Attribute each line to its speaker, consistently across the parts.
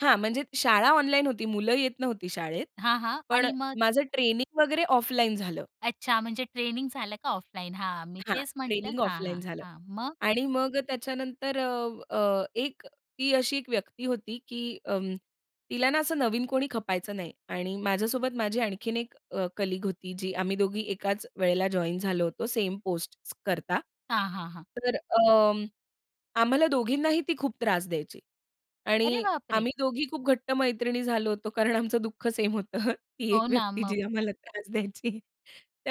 Speaker 1: हां, म्हणजे शाळा ऑनलाईन होती. मुलं येत नव्हती शाळेत,
Speaker 2: हां, हां
Speaker 1: पण
Speaker 2: आणि मग?
Speaker 1: माझं ट्रेनिंग वगैरे ऑफलाईन झालं.
Speaker 2: अच्छा, म्हणजे ट्रेनिंग झालं का ऑफलाईन हां, मी
Speaker 1: हां,
Speaker 2: तेच म्हंटलं
Speaker 1: ट्रेनिंग
Speaker 2: हां,
Speaker 1: ऑफलाईन
Speaker 2: हां,
Speaker 1: झालं.
Speaker 2: हां मग?
Speaker 1: आणि मग त्याच्यानंतर अ, अ, एक ती अशी एक व्यक्ती होती, की अं, तिला ना असं नवीन कोणी खपायचं नाही. आणि माझ्यासोबत माझी आणखीन एक अ, कलीग होती जी आम्ही दोघी एकाच वेळेला जॉइन झालो होतो, सेम पोस्ट करता.
Speaker 2: हां, हां, हां.
Speaker 1: तर अं, आम्हाला दोघींनाही ती खूप त्रास द्यायची.
Speaker 2: अरे
Speaker 1: आणि
Speaker 2: बापरे!
Speaker 1: आम्ही दोघी खूप घट्ट मैत्रिणी झालो होतो कारण आमचं दुःख सेम होतं. ती एक
Speaker 2: हो ना.
Speaker 1: व्यक्ती
Speaker 2: मग
Speaker 1: जी आम्हाला त्रास द्यायची.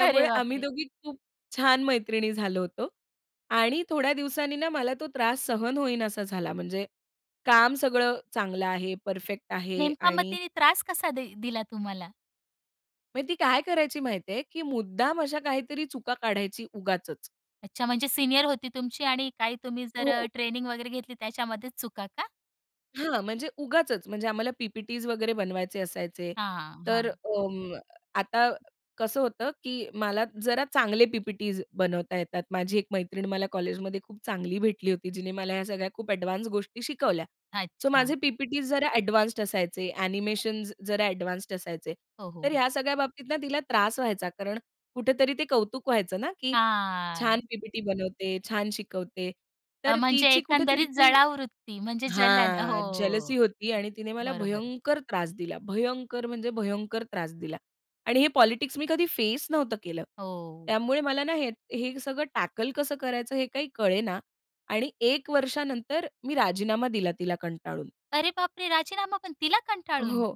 Speaker 2: अरे
Speaker 1: आम्ही
Speaker 2: बापरे!
Speaker 1: दोघी खूप छान मैत्रिणी झालो होतो. आणि थोड्या दिवसांनी ना, मला तो त्रास सहन होईना असा झाला म्हणजे काम सगळं चांगलं आहे, परफेक्ट आहे
Speaker 2: नेमका मग
Speaker 1: आणि
Speaker 2: तीने त्रास कसा दि दिला तुम्हाला?
Speaker 1: म्हणजे ती काय करायची माहिती आहे, की मुद्दाम अशा काहीतरी चुका काढायची उगाचच.
Speaker 2: अच्छा, म्हणजे सीनियर होती तुमची आणि काही तुम्ही जर
Speaker 1: हो
Speaker 2: अ,
Speaker 1: हो.
Speaker 2: ट्रेनिंग वगैरे घेतली, त्याच्यामध्येच चुका का?
Speaker 1: हां, म्हणजे उगाचच म्हणजे आम्हाला पी-पी-टीस वगैरे बनवायचे असायचे.
Speaker 2: हां, हां,
Speaker 1: तर
Speaker 2: हां.
Speaker 1: अं, आता कसं होतं, की मला जरा चांगले पी-पी-टीस बनवता येतात. माझी एक मैत्रीण मला कॉलेजमध्ये खूप चांगली भेटली होती, जिने मला ह्या सगळ्या खूप अ‍ॅडवान्स गोष्टी शिकवल्या. सो, माझे
Speaker 2: अच्छा.
Speaker 1: पी-पी-टीस जरा अ‍ॅडवान्स्ड असायचे, अ‍ॅनिमेशन्स जरा अ‍ॅडवान्स्ड असायचे.
Speaker 2: हो,
Speaker 1: तर
Speaker 2: हो.
Speaker 1: ह्या सगळ्या बाबतीत ना, तिला त्रास व्हायचा कारण कुठेतरी ते कौतुक व्हायचं ना, की छान
Speaker 2: हां.
Speaker 1: पी-पी-टी बनवते, छान शिकवते,
Speaker 2: अ,
Speaker 1: तर
Speaker 2: म्हणजे
Speaker 1: तिची कुठेतरी
Speaker 2: एकंदरीत
Speaker 1: ती,
Speaker 2: जळावूवृत्ती, म्हणजे जलन हो,
Speaker 1: हां,
Speaker 2: हो,
Speaker 1: जेलसी होती आणि तिने मला
Speaker 2: बरोबर.
Speaker 1: भयंकर त्रास दिला. भयंकर म्हणजे भयंकर त्रास दिला आणि हे पॉलिटिक्स मी कधी फेस नव्हतं केलं.
Speaker 2: हो.
Speaker 1: त्यामुळे मला ना हे हे सगळं टॅकल कसं करायचं, हे काही कळेना आणि 1 वर्षानंतर मी राजीनामा दिला तिला कंटाळून.
Speaker 2: अरे बापरे! राजीनामा पण तिला कंटाळून?
Speaker 1: हो,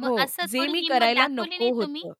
Speaker 2: मग
Speaker 1: हो,
Speaker 2: असं
Speaker 1: जे
Speaker 2: थोडी
Speaker 1: मी
Speaker 2: हिम्मत
Speaker 1: करायला
Speaker 2: दाखवली नाही
Speaker 1: नको
Speaker 2: तुम्ही?
Speaker 1: होतं.